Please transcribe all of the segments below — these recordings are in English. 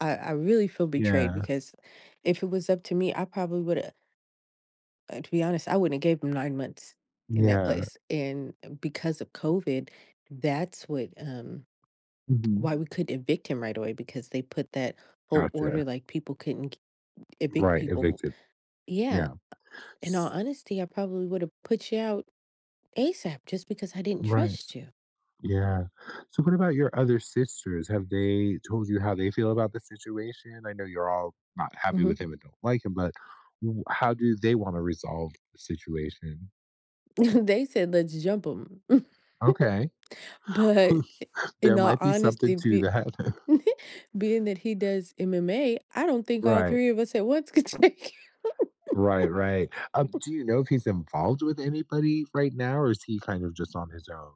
I I really feel betrayed Yeah. because if it was up to me, I probably woulda uh, to be honest, I wouldn't have gave him 9 months in that Yeah. place, and e because of COVID, that's what, um Mhm. why we couldn't evict him right away because they put that whole order Gotcha. like people couldn't k evict Right, people w evicted. Yeah, uh, Yeah. in all S honesty, I probably would have put you out ASAP just because I didn't Right. trust you. Yeah. So, what about your other sisters? Have they told you how they feel about the situation? I know you're all not happy with Mhm. him and don't like him, but w how do they wanna resolve the situation? They said let's jump 'em. Okay. But i Who's there in all might be something honesty, to be that. being that he does MMA, I don't think all Right. 3 of us at once could take Right, right. Um, him. do you know if he's involved with anybody right now or is he kind of just on his own?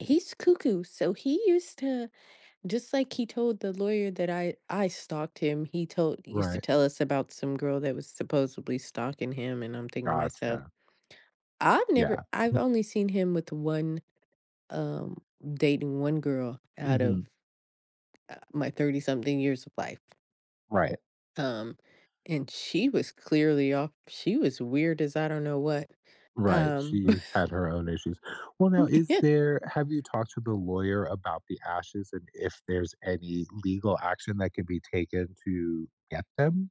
He's cuckoo. So he used to just like he told the lawyer that I I stalked him, he told he used to Right. tell us about some girl that was supposedly stalking him, and I'm thinking to myself, Gotcha. I've never Yeah. I've only seen him with 1, um dating 1 girl out Mhm. of uh, my thirty-something years of life. Right. Um, and she was clearly off, she was weird as I don't know what. Right. Um, bu She had her own issues. Well, now is there have you talked to the lawyer about the ashes and if there's any legal action that could be taken to get them?